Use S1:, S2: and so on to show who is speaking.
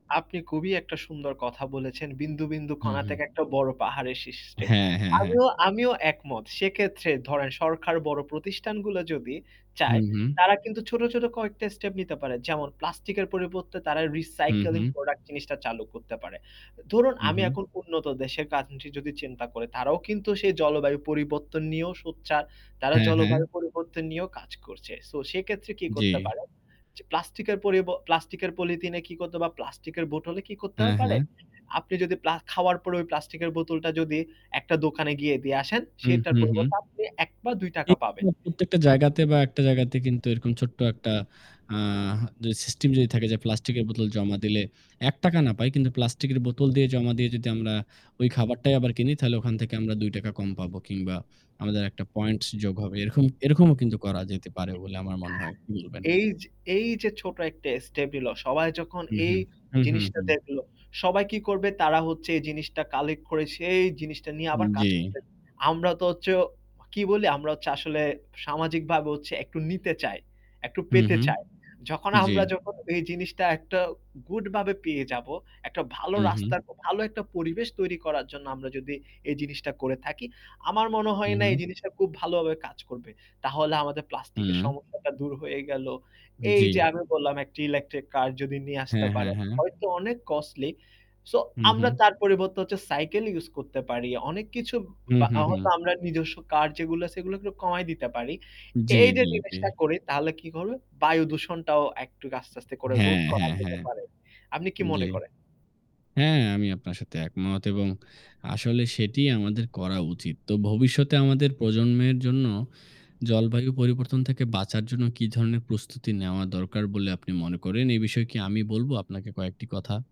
S1: আপনি খুবই একটা সুন্দর কথা বলেছেন। বিন্দু, বিন্দু
S2: হুম,
S1: কণা
S2: হুম।
S1: থেকে একটা বড় পাহাড়ের সৃষ্টি।
S2: হ্যাঁ, হ্যাঁ, হ্যাঁ।
S1: আমিও আমিও একমত। সেক্ষেত্রে ধরেন সরকার বড় প্রতিষ্ঠানগুলো যদি
S2: হু,
S1: চায়।
S2: হু।
S1: তারা কিন্তু ছোট-ছোট কয়েকটা স্টেপ নিতে পারে। যেমন প্লাস্টিকের পরিবর্তে তারা
S2: হু,
S1: রিসাইকেলিং
S2: হু।
S1: প্রোডাক্ট জিনিসটা চালু করতে পারে। ধরুন
S2: উ
S1: আমি
S2: হু।
S1: এখন উন্নত দেশের কান্ট্রি যদি চিন্তা করি, তারাও কিন্তু সেই জলবায়ু পরিবর্তন নিয়েও সোচ্চার, তারা
S2: হ্যাঁ, হ্যাঁ।
S1: জলবায়ু পরিবর্তন নিয়েও কাজ করছে। সো সেক্ষেত্রে কি
S2: জ্বী।
S1: করতে পারেন যে প্লাস্টিকের পরিব প্লাস্টিকের পলিথিনে কি করতে হবে বা প্লাস্টিকের বোতলে কি করতে
S2: হ্যাঁ,
S1: পারে?
S2: হ্যাঁ।
S1: আপনি যদি প্লা খাওয়ার পরে ওই প্লাস্টিকের বোতলটা যদি একটা দোকানে গিয়ে দিয়ে আসেন।
S2: হু,
S1: সেটার
S2: হু, হু।
S1: পরিবর্তে আপনি ১ বা ৳২
S2: একটু
S1: পাবেন।
S2: প্রত্যেকটা জায়গাতে বা ১ টা জায়গাতে কিন্তু এরকম ছোট্ট ১ টা আ যদি সিস্টেম যদি থাকে যে প্লাস্টিকের বোতল জমা দিলে ৳১ না পাই কিন্তু প্লাস্টিকের বোতল দিয়ে জমা দিয়ে যদি আমরা ওই খাবারটাই আবার কিনি। তাহলে ওখান থেকে আমরা ৳২ কম পাবো কিংবা আমাদের একটা পয়েন্টস যোগ হবে। এরকম এরকমও কিন্তু করা যেতে পারে বলে আমার মনে হয়। [unintelligible]
S1: এই যে, এই যে ছোট একটা স্টেপ নিলো সবাই যখন
S2: হু, হু,
S1: এই
S2: হু, হু,
S1: জিনিসটা
S2: হু।
S1: দেখলো, সবাই কি করবে তারা হচ্ছে এই জিনিসটা কালেক্ট করে, সেই জিনিসটা নিয়ে
S2: হু,
S1: আবার কাজ
S2: জ্বী।
S1: করবে। আমরা তো হচ্ছে কি বলি আমরা হচ্ছে আসলে সামাজিকভাবে হচ্ছে একটু নিতে চাই, একটু
S2: হু,
S1: পেতে
S2: হু,
S1: চায়। যখন
S2: জ্বী।
S1: আমরা যখন এই জিনিসটা একটা গুড ভাবে পেয়ে যাবো, একটা ভালো
S2: উ হু।
S1: রাস্তার ভালো একটা পরিবেশ তৈরি করার জন্য আমরা যদি এই জিনিসটা করে থাকি। আমার মনে
S2: হু,
S1: হয় না এই
S2: হু।
S1: জিনিসটা খুব ভালোভাবে কাজ করবে। তাহলে আমাদের প্লাস্টিকের
S2: হু।
S1: সমস্যাটা দূর হয়ে গেল। এই যে
S2: জ্বী।
S1: আমি বললাম একটা ইলেকট্রিক কার যদি নিয়ে আসতে
S2: হ্যাঁ,
S1: পারে।
S2: হ্যাঁ, হ্যাঁ।
S1: হয়তো অনেক কস্টলি, সো
S2: হু,
S1: আমরা
S2: হু।
S1: তার পরিবর্তে হচ্ছে সাইকেল ইউস করতে পারি। অনেক কিছু
S2: হু,
S1: বা
S2: হু,
S1: হয়তো
S2: হু।
S1: আমরা নিজস্ব কার যেগুলো আছে এগুলাকে কমায় দিতে পারি।
S2: জ্বী,
S1: এই যে
S2: জ্বী, জ্বী।
S1: জিনিসটা করি তাহলে কি হবে, বায়ুদূষণটাও একটু আস্তে আস্তে করে রোধ
S2: হ্যাঁ,
S1: করা
S2: হ্যাঁ,
S1: যেতে
S2: হ্যাঁ।
S1: পারে। আপনি কি
S2: জ্বী,
S1: মনে করেন?
S2: হ্যাঁ, আমি আপনার সাথে একমত এবং আসলে সেটিই আমাদের করা উচিত। তো ভবিষ্যতে আমাদের প্রজন্মের জন্য জলবায়ু পরিবর্তন থেকে বাঁচার জন্য কি ধরনের প্রস্তুতি নেওয়া দরকার বলে আপনি মনে করেন? এই বিষয়ে কি আমি বলব আপনাকে কয়েকটি কথা।